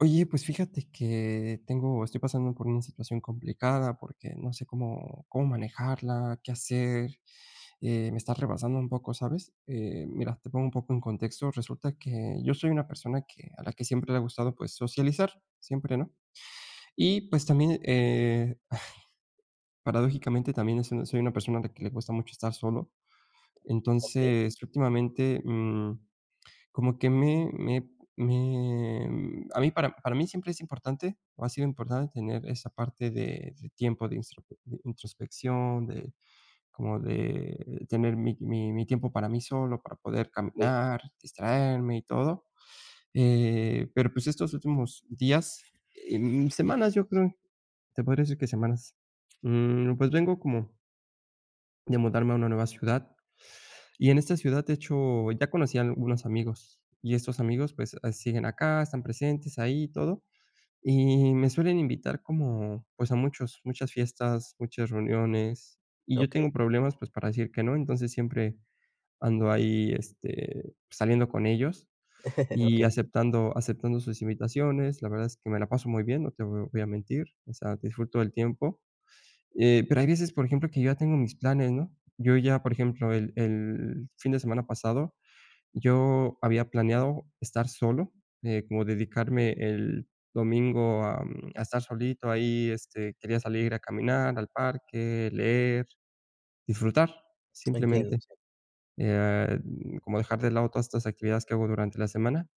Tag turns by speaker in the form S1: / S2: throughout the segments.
S1: Oye, pues, fíjate que, tengo estoy pasando por una situación complicada porque no sé cómo cómo manejarla, qué hacer, eh, me está rebasando un poco, ¿sabes?, eh, mira, te pongo un poco en contexto. Resulta que, yo soy una persona que a la que siempre le ha gustado, pues, socializar. Siempre, ¿no? Y, pues, también, eh, ay, paradójicamente, también, eh, soy soy una persona a la que le gusta mucho estar solo.
S2: Okey.
S1: Entonces, últimamente, mm, como que me me me, mm, a mí para para mí siempre es importante, o ha sido importante tener esa parte de de tiempo de instrope de introspección, de como de tener mi mi mi tiempo para mí solo, para poder
S2: Sí.
S1: caminar, distraerme y todo, eh, pero pues, estos últimos días, em, semanas, yo creo, te podría decir que semanas, mm, pues, vengo como de mudarme a una nueva ciudad. Y en esta ciudad, de hecho, ya conocí a algunos amigos, y estos amigos, pues, ah, siguen acá, están presentes ahí y todo. Y me suelen invitar como, pues, a muchos muchas fiestas, muchas reuniones, y yo
S2: Okey.
S1: tengo problemas, pues, para decir que no. Entonces, siempre, ando ahí, este, saliendo con ellos y
S2: Okey.
S1: aceptando aceptando sus invitaciones. La verdad es que me la paso muy bien, no te vo voy a mentir, o sea, disfruto del tiempo, eh, pero hay veces, por ejemplo, que yo ya tengo mis planes, ¿no? Yo ya por ejemplo, el el fin de semana pasado yo había planeado estar solo, eh, como dedicarme, el domingo, a, mm, a estar solito ahí, este, quería salir a caminar al parque, leer, disfrutar,
S2: Lo entiendo.
S1: simplemente,
S2: Sí.
S1: eh, mm, como dejar de lado todas estas actividades que hago durante la semana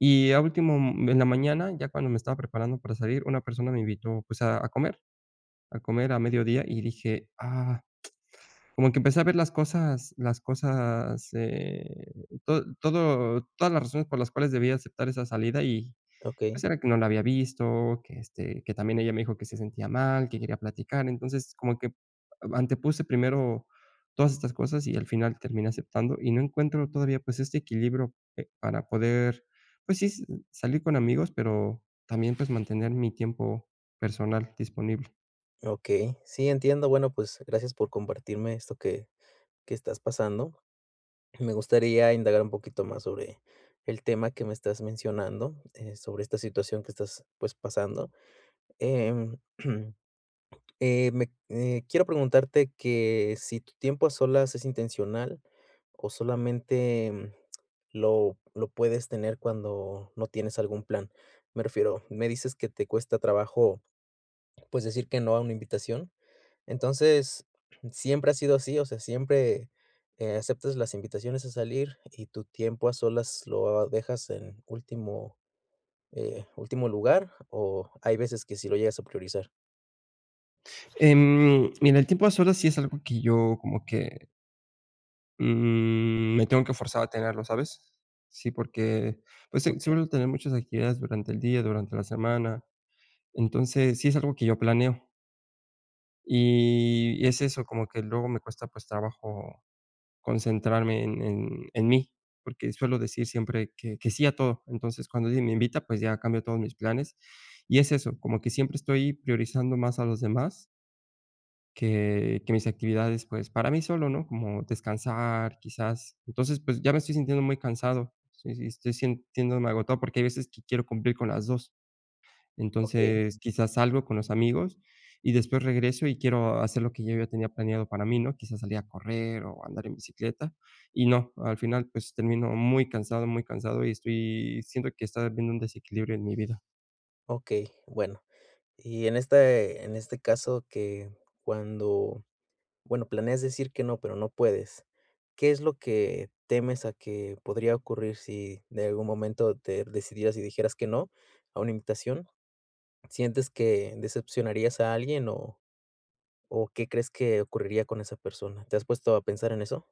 S1: y a último, mm, en la mañana, ya cuando me estaba preparando para salir, una persona me invitó, pues, a a comer a comer a mediodía, y dije: "Ah". Como que empecé a ver las cosas las cosas, eh, tod todo todas las razones por las cuales debía aceptar esa salida y,
S2: Okey.
S1: pues, era que no la había visto que, este, que también ella me dijo que se sentía mal, que quería platicar. Entonces, como que a antepuse primero todas estas cosas y al final terminé aceptando, y no encuentro todavía, pues, este equilibrio, eh, para poder, pues, sí, s salir con amigos, pero también, pues, mantener mi tiempo personal disponible.
S2: Okey. Sí, entiendo, bueno, pues gracias por compartirme esto que que estás pasando. Me gustaría indagar un poquito más sobre, el tema que me estás mencionando, eh, sobre esta situación que estás pues pasando, em, eh, me eh, quiero preguntarte que si tu tiempo a solas es intencional, o solamente, mm, lo lo puedes tener cuando no tienes algún plan. Me refiero, me dices que te cuesta trabajo pues decir que no a una invitación. Entonces, ¿siempre ha sido así? O sea, ¿siempre, eh, aceptas las invitaciones a salir y tu tiempo a solas lo, ah, dejas en último, eh, último lugar o hay veces que sí lo llegas a priorizar?
S1: Em, mira, el tiempo a solas sí, es algo que yo, como que mm, me tengo que forzar a tenerlo, ¿sabes? Sí, porque pues si,
S2: Okey.
S1: suelo tener muchas actividades durante el día, durante la semana. Entonces sí, es algo que yo planeo. Y es eso como que luego me cuesta, pues, trabajo concentrarme en en en mí, porque suelo decir siempre que que sí a todo. Entonces, cuando me invita, pues, ya cambio todos mis planes y es eso, como que siempre estoy priorizando más a los demás que que mis actividades, pues, para mí solo, ¿no?, como descansar, quizás. Entonces, pues ya me estoy sintiendo muy cansado, sí sí, estoy sintiéndome agotado porque hay veces que quiero cumplir con las 2.
S2: Okey.
S1: Entonces, quizás salgo con los amigos y después regreso y quiero hacer lo que yo ya tenía planeado para mí, ¿no? Quizás, salir a correr o andar en bicicleta y no, al final, pues termino muy cansado, muy cansado y estoy siento que está habiendo un desequilibrio en mi vida.
S2: Okey, bueno, y en este en este caso que cuando, bueno, planeas decir que no, pero no puedes, ¿qué es lo que temes a que podría ocurrir si de algún momento te decidieras y dijeras que no a una invitación? ¿Sientes que decepcionarías a alguien o o qué crees que ocurriría con esa persona? ¿Te has puesto a pensar en eso?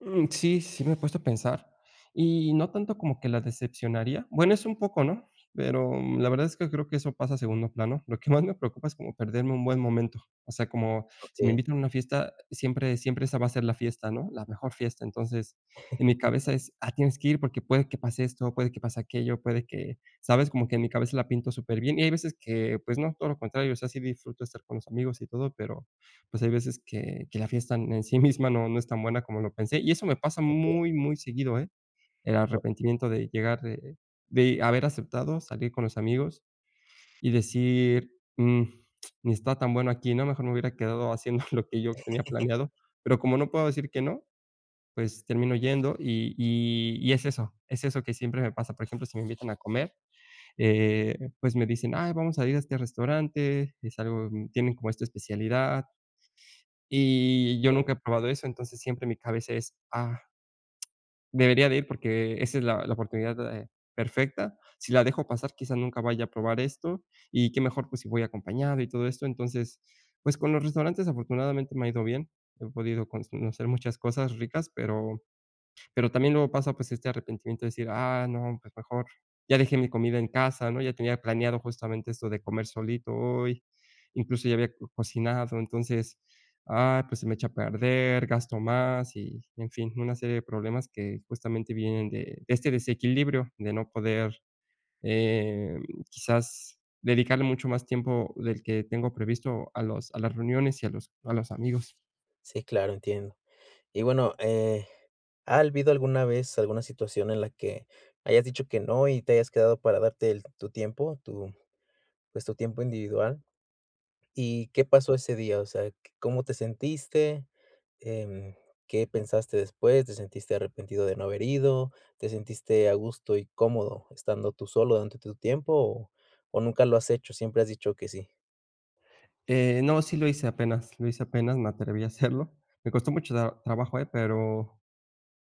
S1: Mm, sí, sí, me he puesto a pensar. Y, no tanto como que la decepcionaría, bueno, es un poco, ¿no?, pero la verdad es que creo que eso pasa a segundo plano. Lo que más me preocupa es como perderme un buen momento. O sea, como si me
S2: Okey.
S1: invitan a una fiesta siempre siempre esa va a ser la fiesta, ¿no?, la mejor fiesta, entonces, en mi cabeza es: "Ah, tienes que ir porque puede que pase esto, puede que pase aquello, puede que" ¿sabes?, como que en mi cabeza la pinto superbien y hay veces que pues, no, todo lo contrario, o sea, sí disfruto de estar con los amigos y todo, pero pues hay veces que que la fiesta en sí misma no, no es tan buena como lo pensé, y eso me pasa
S2: Okey.
S1: muy, muy seguido, ¿eh?, el
S2: Ah.
S1: arrepentimiento de llegar, de de haber aceptado salir con los amigos, y decir: "Mm, ni está tan bueno aquí, ¿no?, mejor me hubiera quedado haciendo lo que yo tenía planeado", pero como no puedo decir que no, pues termino yendo y y y es eso es eso que siempre me pasa, por ejemplo, si me invitan a comer, eh, pues me dicen: "Ay, vamos a ir a este restaurante, es algo tienen como esta especialidad", y yo
S2: Okey.
S1: nunca he probado eso, entonces siempre mi cabeza es: "Ah debería de ir porque esa es la la oportunidad, eh, perfecta, si la dejo pasar, quizás nunca vaya a probar esto, y qué mejor pues si voy acompañado", y todo esto, entonces, pues con los restaurantes afortunadamente me ha ido bien, he podido pues conocer muchas cosas ricas, pero pero también luego pasa pues este arrepentimiento de decir: "Ah, no, pues mejor, ya dejé mi comida en casa, ¿no?, ya tenía planeado justamente esto de comer solito hoy, incluso ya había cocinado, entonces, ah, pues se me echa a perder, gasto más", y en fin, una serie de problemas que justamente vienen de de este desequilibrio, de no poder, eh, quizás dedicarle mucho más tiempo del que tengo previsto a los a las reuniones y a los a los amigos.
S2: Sí, claro, entiendo. Y bueno, eh, ¿ha habido alguna vez alguna situación en la que, hayas dicho que no y te hayas quedado para darte el tu tiempo, tu pues tu tiempo individual? Y, ¿qué pasó ese día? O sea, ¿cómo te sentiste? Em, ¿Qué pensaste después? ¿Te sentiste arrepentido de no haber ido? ¿Te sentiste a gusto y cómodo estando tú solo durante tu tiempo? O o, nunca lo has hecho, siempre has dicho que sí.
S1: Eh, no. Sí lo hice apenas lo hice apenas me atreví a hacerlo. Me costó mucho tra trabajo, eh, pero,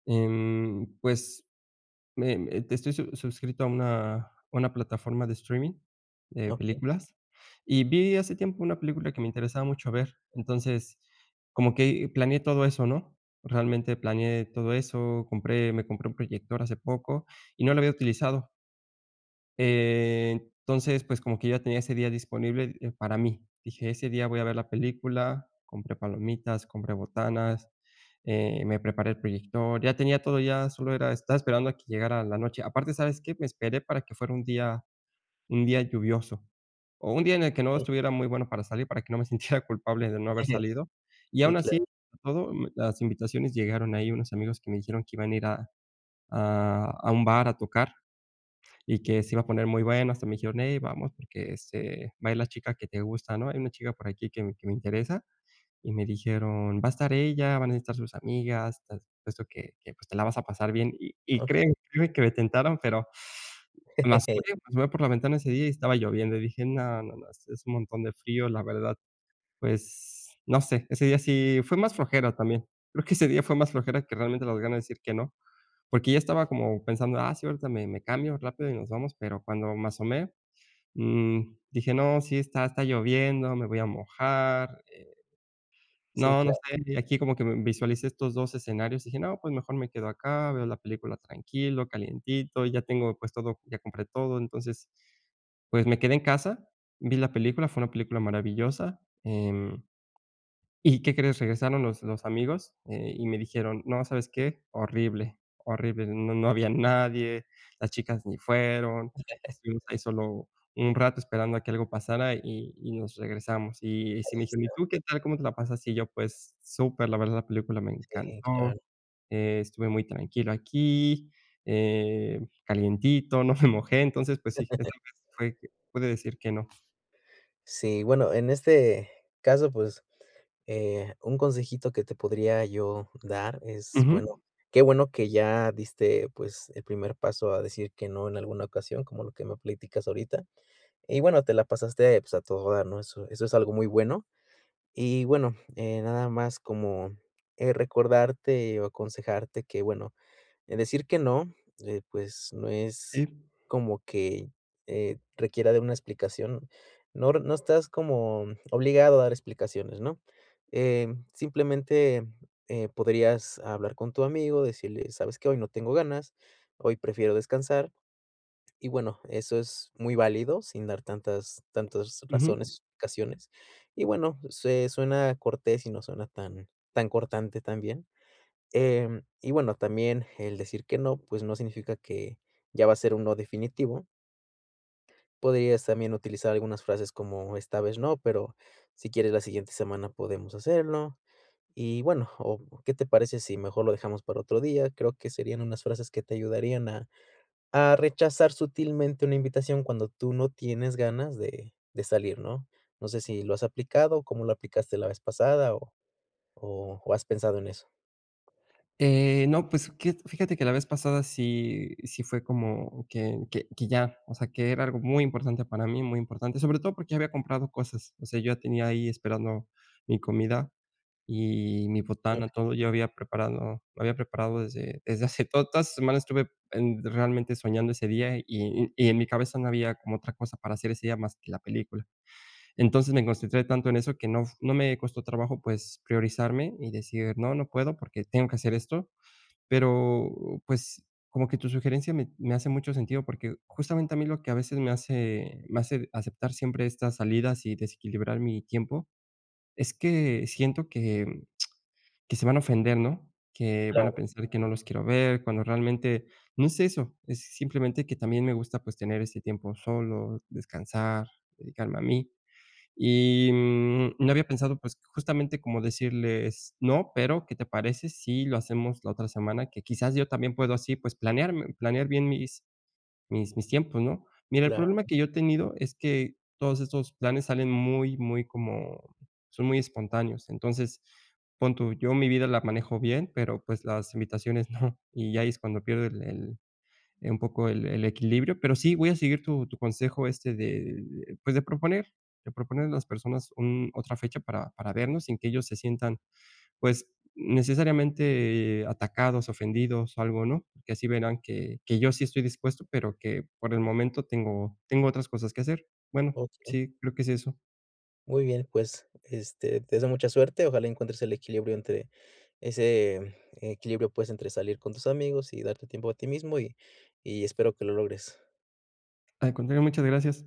S1: mm, pues me me estoy sus suscrito a una a una plataforma de streaming de
S2: Okey.
S1: películas y vi hace tiempo una película que me interesaba mucho ver. Entonces como que planeé todo eso, ¿No?, realmente planeé todo eso. Compré me compré un proyector hace poco y no lo había utilizado. Entonces, pues, como que ya tenía ese día disponible para mí, dije ese día voy a ver la película. Compré palomitas, compré botanas, eh, me preparé el proyector. Ya tenía todo ya solo era estaba esperando a que llegara la noche. Aparte, ¿sabes qué? Me esperé para que fuera un día un día lluvioso o un día en el que no
S2: Okey.
S1: estuviera muy bueno para salir para que no me sintiera culpable de no haber salido. Y
S2: Sí,
S1: aun así,
S2: claro.
S1: todo las invitaciones llegaron ahí unos amigos que me dijeron que iban a ir a a a un bar a tocar y que se iba a poner muy bueno hasta me dijeron: "Ey vamos, porque, este, va a ir la chica que te gusta, ¿no?" Hay una chica por aquí que me que me interesa y me dijeron: "Va a estar ella, van a estar sus amigas, eso que que te la vas a pasar bien" y y
S2: Okey.
S1: crée créeme que me tentaron, pero, las [unintelligible] por la ventana ese día y estaba lloviendo y dije: "No, no, no, es un montón de frío, la verdad", pues no sé, ese día sí fue más flojera también. Creo que ese día fue más flojera que realmente las ganas de decir que no. Porque yo estaba como pensando. Ah, sí, ahorita me me cambio rápido y nos vamos. Pero cuando me asomé, mm, dije: "No, si está está lloviendo. Me voy a mojar, eh,
S2: Sí,
S1: no no
S2: claro.
S1: sé aquí como que visualicé estos dos escenarios" y dije: "No". Pues mejor me quedo acá. Veo la película tranquilo, calientito. Ya tengo, pues, todo. ya compré todo entonces. Pues me quedé en casa. Vi la película. Fue una película maravillosa, eh, y, ¿qué crees? Regresaron los los amigos y, eh, me dijeron: "No, ¿sabes qué? Horrible, horrible. No no había nadie. Las chicas ni fueron. Estuvimos ahí solo un rato esperando a que algo pasara y nos regresamos" y
S2: Ahí
S1: me dijeron: "¿Y
S2: está.
S1: tú qué tal? ¿Cómo te la pasas?" Y yo: "Pues, super la verdad. La película me
S2: Sí,
S1: encantó.
S2: claro.
S1: Eh, estuve muy tranquilo aquí, eh, calientito, no me mojé." Entonces, pues, si puede decir que no.
S2: Sí, bueno, en este caso, pues, eh, un consejito que te podría yo dar, es,
S1: Ujú.
S2: bueno Qué bueno que ya diste, pues, el primer paso a decir que, no, en alguna ocasión, como lo que me platicas ahorita y bueno, te la pasaste pues a todo dar, ¿no? Eso es algo muy bueno. Y bueno, eh, nada más como, eh, recordarte o aconsejarte que, bueno, eh, decir que, no, eh, pues no es
S1: Sí.
S2: como que, eh, requiera de una explicación. No, r No estás como, obligado a dar explicaciones, ¿no?, eh, simplemente, eh, podrías hablar con tu amigo, decirle: "¿Sabes qué? Hoy no tengo ganas, hoy prefiero descansar". Y bueno, eso es muy válido, sin dar tantas tantas
S1: Ujú.
S2: razones razones. Y bueno, sue suena cortés y no suena tan tan cortante también, em, y bueno, también el decir que no, pues no significa que ya va a ser un, no definitivo. Podrías también utilizar algunas frases como: "Esta vez no, pero si quieres la siguiente semana podemos hacerlo". Y bueno, o: "¿Qué te parece si mejor lo dejamos para otro día?". Creo que serían unas frases que te ayudarían a a rechazar sutilmente una invitación cuando tú no tienes ganas de de salir, ¿no? No sé si lo has aplicado o, ¿cómo lo aplicaste la vez pasada? O o o, ¿has pensado en eso?
S1: Eh, no, pues que, fíjate que la vez pasada sí sí, fue como, que que que ya, o sea, que era algo muy importante para mí, muy importante, sobre todo porque ya había comprado cosas. O sea, yo tenía ahí esperando mi comida y mi botana,
S2: [unintelligible]
S1: todo. Yo había preparado había preparado desde desde hace Toda la semana estuve realmente soñando ese día y y en mi cabeza no había como otra cosa para hacer ese día más que la película. Entonces, me concentré tanto en eso que no fu no me costó trabajo, pues priorizarme y decir: "No, no puedo porque tengo que hacer esto". Pero pues, como que tu sugerencia me me hace mucho sentido porque, justamente a mí lo que a veces me hace me hace aceptar siempre estas salidas y desequilibrar mi tiempo, es que siento que, mm, que se van a ofender, ¿no? Que van a
S2: Claro,
S1: pensar que no
S2: sí.
S1: los quiero ver, cuando realmente no es eso, es simplemente que también me gusta, pues tener ese tiempo solo, descansar, dedicarme a mí. Y, mm, no había pensado pues, justamente como decirles: "No, pero ¿qué te parece si lo hacemos la otra semana?". Que quizás yo también puedo así pues, planearme planear bien mis mis mis tiempos, ¿no? Mira, el
S2: Claro.
S1: problema que yo he tenido, es que, todos estos planes salen muy, muy como son muy espontáneos. Entonces, pon tú, yo mi vida la manejo bien, pero pues las invitaciones no. Y ahí es cuando pierdo el el un poco el el equilibrio. Pero sí, voy a seguir tu tu consejo, este, de de, pues, de proponer de proponer a las personas un otra fecha para para vernos, sin que ellos se sientan, pues necesariamente atacados, ofendidos o algo, ¿no? Porque así verán que que yo sí estoy dispuesto, pero que por el momento tengo tengo otras cosas que hacer. Bueno,
S2: Okey.
S1: sí, creo que es eso.
S2: Muy bien, pues, este, te deseo mucha suerte, ojalá encuentres el equilibrio, entre, ese equilibrio, pues, entre salir con tus amigos y darte tiempo a ti mismo y y espero que lo logres.
S1: Al contrario, muchas gracias.